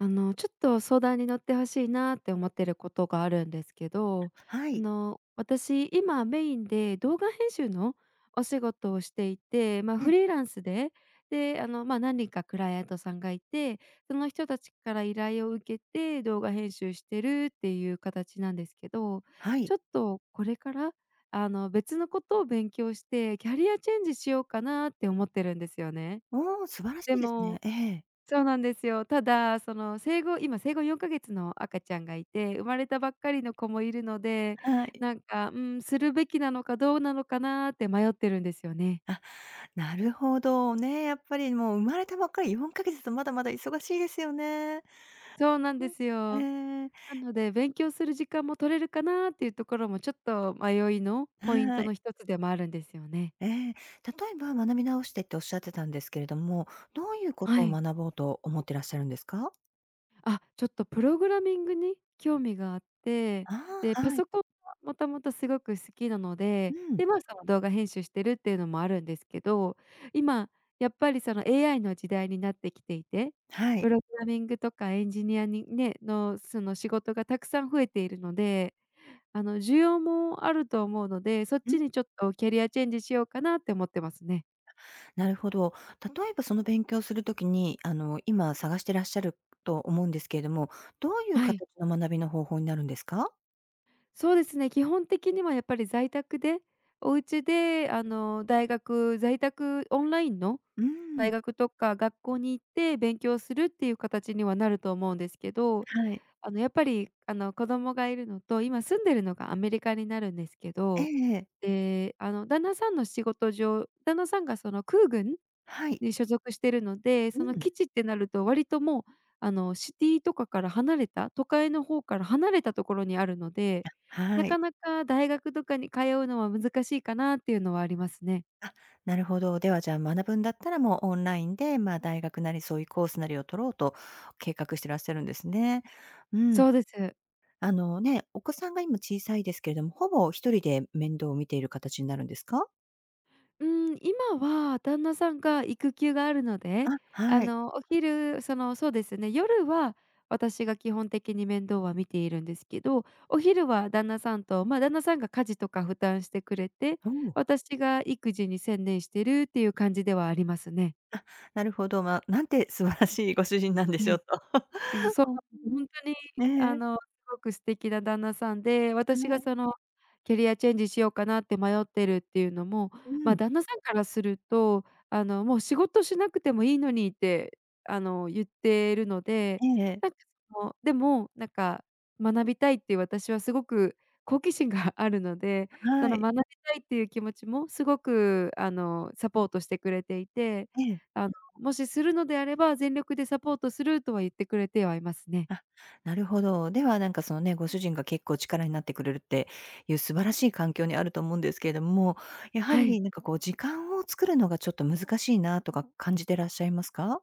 あの、ちょっと相談に乗って欲しいなって思ってることがあるんですけど、はあい。の、私今メインで、動画編集のお仕事をしていて、ま、ええ。フリーランスで。で、あの、ま、何人かクライアントさんがいて、その人たちから依頼を受けて動画編集してるっていう形なんですけど、はい。ちょっとこれから、あの、別のことを勉強してキャリアチェンジしようかなって思ってるんですよね。おお、素晴らしでいですね。もええ。そうなんですよ。ただ、その、生後今、生後4か月の赤ちゃんがいて、生まれたばっかりの子もいるので、はい。なんか、うん、するべきなのかどうなのかなって迷ってるんですよね。あ、なるほど。ね、やっぱり、もう生まれたばっかり、4か月と、まだまだ忙しいですよね。そうなんですうよ。ん、ええ。なので、勉強する時間も取れるかなっていうところも、ちょっと迷いのポイントはい。の一つでもあるんですよね。ええ、例えば学び直してって仰ってたんですけれども、どういうこはとをい。学ぼうと思ってらっしゃるんですか？あ、ちょっとプログラミングに興味があって、あで、あ、パはい。ソコンは元々すごく好きなのうで、ん。で、まあ、その動画編集してるっていうのもあるんですけど、今やっぱり、その、AI の時代になってきていて、はプい。ログラミングとかエンジニアにねのその仕事がたくさん増えているので、あの、需要もあると思うので、そっうん。ちにちょっとキャリアチェンジしようかなって思ってますね。なるほど。例えば、その勉強する時に、あの、今探してらっしゃると思うんですけれども、どういうはい。形の学びの方法になるんですか？そうですね、基本的にはやっぱり在宅で、お家で、あの、大学、在宅オンラインのうーん。大学とか学校に行って勉強するっていう形にはなると思うんですけど。はい。あの、やっぱり、あの、子供がいるのと、今住んでるのがアメリカになるんですけえど、えええ。で、あの、旦那さんの仕事上、旦那さんが、その、空軍はい。に所属してるので、うそのん。基地ってなると、割ともう、あの、シティとかから離れた、都会の方から離れたところにあるので、あ、なはかい。なか大学とかに通うのは難しいかなっていうのはありますね。あ、なるほど。では、じゃあ、学ぶんだったら、もうオンラインで、まあ、大学なりそういうコースなりを取ろうと計画してらっしゃるんですね。うん。そうです。あのね、お子さんが今小さいですけれども、ほぼ1人で面倒を見ている形になるんですか？うーん、今は旦那さんが育休があるので、あ、あはい。のお昼そのそうですね、夜は私が基本的に面倒は見ているんですけど、お昼は旦那さんと、ま、旦那さんが家事とか負担してくれて、おお。私が育児に専念してるっていう感じではありますね。あ、なるほど、ま、何て素晴らしいご主人なんでにしゃょうい、と。そそ そううん、なんです、ほんとにあねえ。の、凄く素敵な旦那さんで、私はがい。そのキャリアチェンジしようかなって迷ってるっていうのも、うーま、ん。旦那さんからすると、あの、もう仕事しなくてもいいのにって、あの言ってるので、ええ-ええ。なんかその、でも、なんか学びたいっていう、私はすごく好奇心があるので、そはのい。学びたいっていう気持ちも、すごくあの、サポートしてくれていて、ええ。あの、もしするのであれば、全力でサポートするとは言ってくれてはいますね。あ、なるほど。では、なんかそのね、ご主人が結構力になってくれるっていう、素晴らしい環境にあると思うんですけれども、やははい。りなんか、こう、時間を作るのがちょっと難しいなとか感じてらっしゃいますか？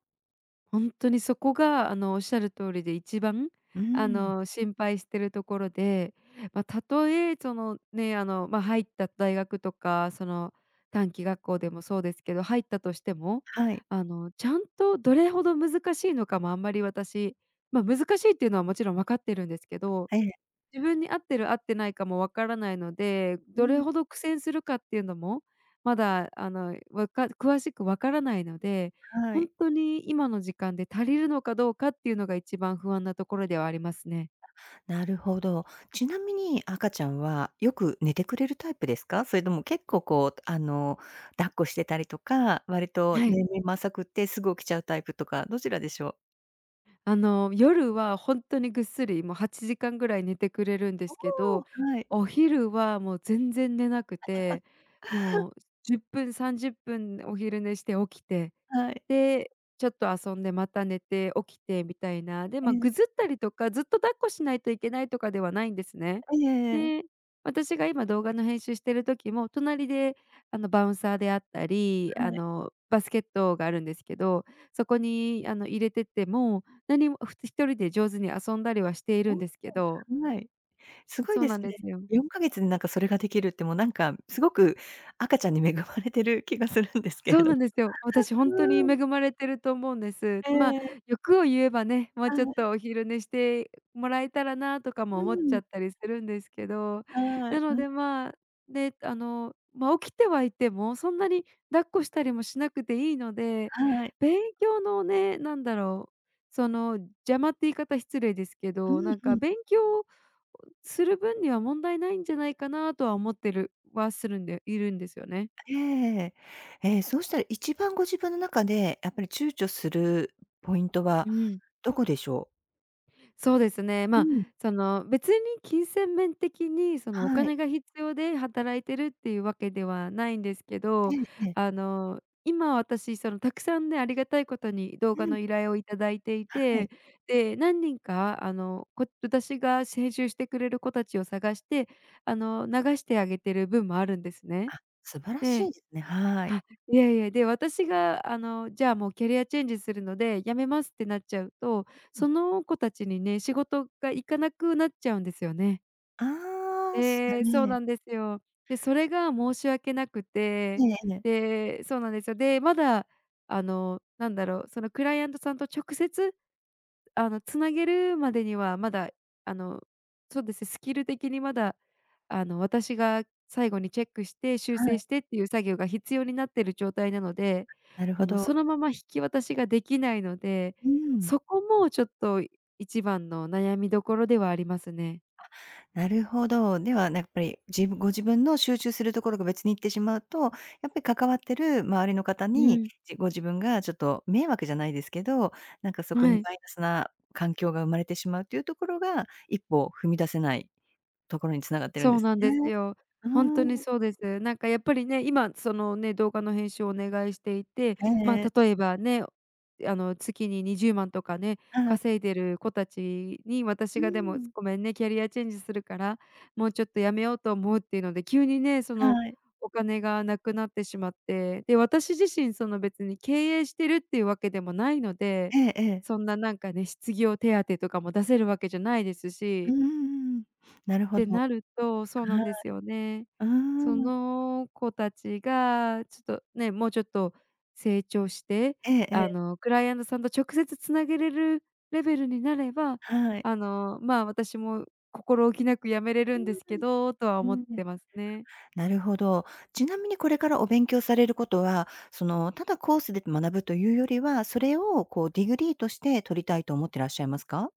ほんとにそこがあのおっしゃる通りで1番、うあん。の、心配しているところで、ま、たとえそのね、あの、ま、入った大学とかその短期学校でもそうですけど、入ったとしても、はい。あのちゃんとどれほど難しいのかもあんまり私ま、難しいっていうのはもちろんわかってるんですけど、ええ。自分に合ってる合ってないかもわからないので、うどれん。ほど苦戦するかっていうのも、まだあの、わか詳しくわからないので、はほい。んとに今の時間で足りるのかどうかっていうのが1番不安なところではありますね。なるほど。ちなみに赤ちゃんはよく寝てくれるタイプですか？それとも結構こうあの抱っこしてたりとか、割とはい。年齢も浅くてすぐ起きちゃうタイプとか、どちらでしょう。あの、夜はほんとにぐっすりもう8時間ぐらい寝てくれるんでおすけお、ど、はい。お昼はもう全然寝なく てもう10分30分お昼寝して起きて、はい。で、ちょっと遊んでまた寝て起きてみたいな。で、えま、え。ぐずったりとか、ずっと抱っこしないといけないとかではないんですね。ええええ。で、私が今動画の編集している時も隣であのバウンサーであったり、はあい。の、バスケットがあるんですけど、そこに、あの入れてても何も、ふ1人で上手に遊んだりはしていほるんんと。ですけど。はい。すごいそうでなすんでね。すよ。4か月何かそれができるってもうなんかすごく赤ちゃんに恵まれてる気がするんですけそれうど。なん ですよ。私ほんとに恵うん。まれてると思うんです。えまあ、え。欲を言えばね、もうはちょっい。とお昼寝してもらえたらなとかもう思っちゃん。ったりするんですけど、はない。のん。でまあ、で、あの、まあ起きてはいてもそんなに抱っこしたりもしなくていいので、はい。勉強のね、なんだろう、その邪魔って言い方失礼ですけうど、ん、なんうかん。勉強する分には問題ないんじゃないかなとは思ってるはするんでいるんですよね。ええ。ええ、そうしたら1番ご自分の中でやっぱり躊躇するポイントはうん。どこでしょう？そうですね。うまあ、ん。その、別に金銭面的に、その、おはい。金が必要で働いてるっていうわけではないんですけえど、えええ。あの、今私、その、たくさんね、ありがたいことに動う画ん。の依頼をいただいていはい。て、で、何人か、あの、こ私が編集してくれる子たちを探して、あの、流してあげてる分もあるんですね。あ、素晴らしでいですね。はい。あ、いやいや、で、私が、あの、じゃ、もうキャリアチェンジするので辞めますってなっちゃうと、うん。その子たちにね、仕事が行かなくなっちゃうんですよね。ああええ、そう なんですよ。で、それが申し訳なくて、いえいえ。でそうなんですよ。で、まだ、あの、なんだろう、その、クライアントさんと直接、あの、繋げるまでにはまだ、あの、そうです、スキル的にまだ、あの、私が最後にチェックして修はい。正してっていう作業が必要になってる状態なので、なるほあの、ど。そのまま引き渡しができないので、うーん。そこもちょっと一番の悩みどころではありますね。あ、なるほど。では、なやっぱり、じぶご自分の集中するところが別に行ってしまうと、やっぱり関わってる周りの方うに、ん。じご自分がちょっと迷惑じゃないですけど、なんか、そこはにい。マイナスな環境が生まれてしまうっていうところが、一歩踏み出せないところに繋がってるんそでうすなんね。ですよ。うーほんとにん。そうです。なんか、やっぱりね、今そのね、動画の編集をお願いしていて、へまえ。あ、例えばね、あの、月に20万とかね、はい。稼いでる子たちに私うーが、「でも、ん。ごめんね。キャリアチェンジするから、もうちょっと辞めようと思う」っていうので、急にね、そのはい。お金がなくなってしまって、で、私自身、その、別に経営してるっていうわけでもないので、ええええ。そんな、なんかね、失業手当とかも出せるわけじゃないですうーし。ん、なるほてど。はい。なるとそうなんですよね。あそあ。の子たちが、ちょっとね、もうちょっと成長して、ええあええ。の、クライアントさんと直接繋げれるレベルになれば、はい。あの、まあ、私も心置きなく辞めれうるんですけど、とはー思ん。っうーん。てますね。なるほど。ちなみにこれからお勉強されることは、その、ただコースで学ぶというよりは、それを、こう、ディグリーとして取りたいと思ってらっしゃいますか？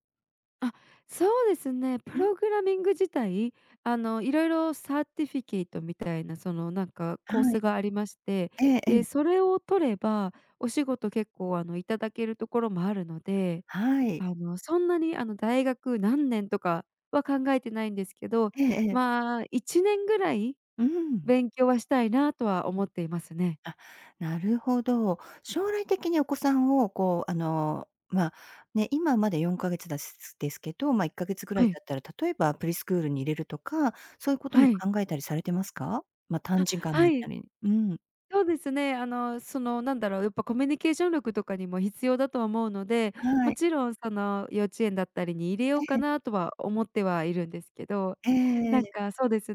あ、そうですね、うプん。ログラミング自体、あの、色々サーティフィケイトみたいな、その、なんか、コーはスい。がありまして。えええで、え。それを取れば、お仕事結構、あの、いただけるところもあるので、はい。あの、そんなに、あの、大学何年とかは考えてないんですけど、ええええ。まあ、1年ぐらいうーん。勉強はしたいなとは思っていますね。あ、なるほど。将来的にお子さんを、こう、あの、まあ、ね、今まだ4か月だすすですけど、ま、1か月ぐらはいい。経ったら、例えばプリスクールに入れるとか、そういうこともはい。考えたりされてますか？ま、短あ、時間はだったい。り。うん。そうですね、あの、その、なんだろう、やっぱコミュニケーション力とかにも必要だと思うので、はもい。ちろん、その、幼稚園だったりに入れようえかえ。なとは思ってはいるんですけど、えええなんえ。か、そうです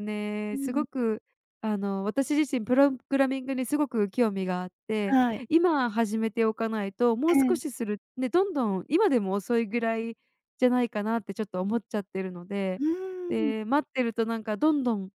うね、すん。ごく、あの、私自身プログラミングにすごく興味があって、はい。今始めておかないと、もえう少え。しするで、どんどん今でも遅いぐらいじゃないかなってちょっと思っちゃってるのうで。ーん。で、待ってると、なんか、どんどん、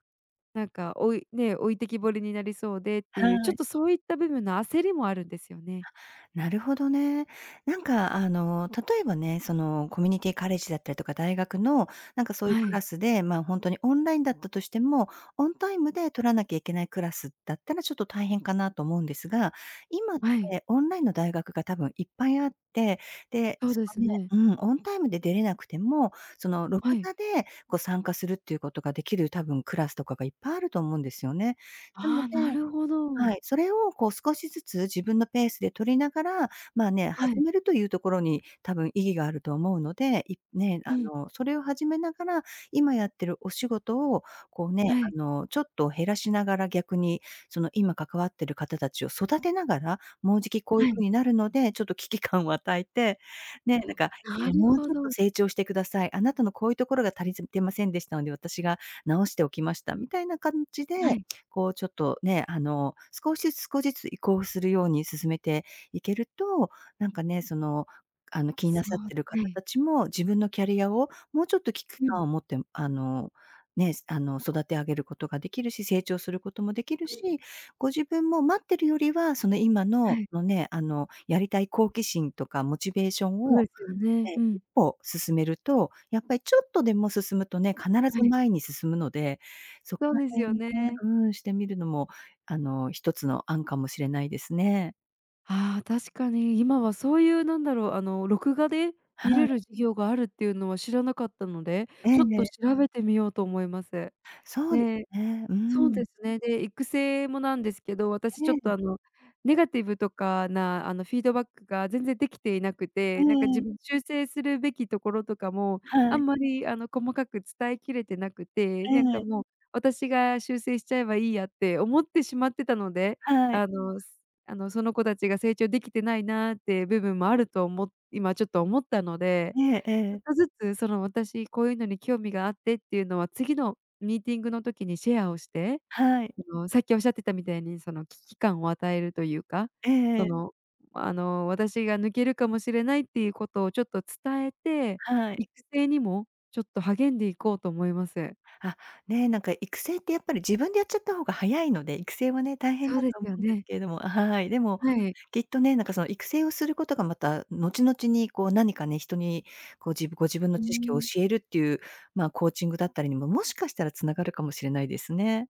なんか、おいね、置いてきぼりになりそうでってはいう、ちょっい。とそういった部分の焦りもあるんですよね。あ、なるほどね。なんか、あの、例えばね、その、コミュニティカレッジだったりとか、大学の、なんか、そういうはクラい。スで、まあ、ほんとにオンラインだったとしても、オンタイムで取らなきゃいけないクラスだったらちょっと大変かなと思うんですが、今っはい。てオンラインの大学が多分いっぱいあって、で、そうそですのねね。うん、オンタイムで出れなくても、その、録はい。画で、こう、参加するっていうことができる多分クラスとかがいっぱいあると思うんですよね。なのああ、でなるほはど。い。それを、こう、少しずつ自分のペースで取りながら、まあ、ね、は始い。めるというところに、たぶん、意義があると思うので、いね、あうん。の、それを始めながら、今やってるお仕事を、こうね、はい。あの、ちょっと減らしながら、逆に、その、今、関わってる方たちを育てながら、もうじきこういうはふうい。になるので、ちょっと危機感を与えて、ね、なんあか、ああ、なの、る「もうほちょっとど。成長してください。あなたのこういうところが足りずてませんでしたので、私が直しておきました」みたいな感じで、はい。こう、ちょっと、ね、あの、少しずつ、少しずつ移行するように進めていけると、なんかね、その、あの、気にそなさってるう、は方い。たちも、自分のキャリアをもうちょっと危機うん。感を持って、あの、ね、あの、育て上げることができるし、成長することもできるうん。し、ご自分も待ってるよりは、その、今の、はこい。のね、あの、やりたい好奇心とかモチベーションそうでを、すよね。ね、う一ん。歩進めると、やっぱりちょっとでも進むとね、必はずい。前に進むので、そこそうらです辺をよねね。うーん、してみるのも、あの、一つの案かもしれないですね。ああ、確かに。今はそういう、なんだろう、あの、録画では見あ。れる授業があるっていうのは知らなかったので、ええちょっえとえ。調べてみようと思います。そえうでえ。ね。うーそうん。ですね。で、育成もなんですけど、私ちょっえと、え。あの、ネガティブとかな、あの、フィードバックが全然できていなくて、なんかえ自え。分、修正するべきところとかも、あはい。んまり、あの、細かく伝えきれてなくて、なんえか、え。もう、私が修正しちゃえばいいやって思ってしまってたので、はい。あのあの、その子たちが成長できてないなって部分もあるとおも今ちょっと思ったので、えええちょっえ。とずつ、その、私こういうのに興味があってっていうのは次のミーティングの時にシェアをして、はい。あの、さっき仰ってたみたいに、その、危機感を与えるというか、えそえ。の、あの、私が抜けるかもしれないっていうことをちょっと伝えて、はい。育成にもちょっと励んでいこうと思います。あ、ね、なんか、育成ってやっぱり、自分でやっちゃった方が早いので、育成もね、大変そうだでとす思ようんですね。けれどもあ、はい、でも、はい。きっとね、なんか、その、育成をすることがまた後々に、こう何かね、人に、こう、じご自分のうー知識をん。教えるっていう、まあ、コーチングだったりにも、もしかしたら繋がるかもしれないですね。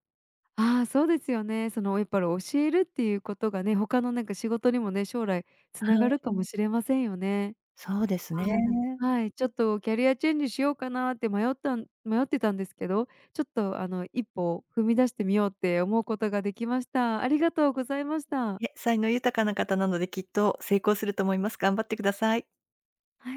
ああ、そうですよね。その、やっぱり教えるっていうことがね、他のなんか仕事にもね、将来は繋がい。るかもしれませんよね。そうですあね。あ、なんはい、ち [unintelligible] ょっとキャリアチェンジしようかなって迷ったん迷ってたんですけど、ちょっと、あの、一歩踏み出してみようって思うことができました。ありがとうございました。いえ、才能豊かな方なので、きっと成功すると思います。頑張ってください。はい。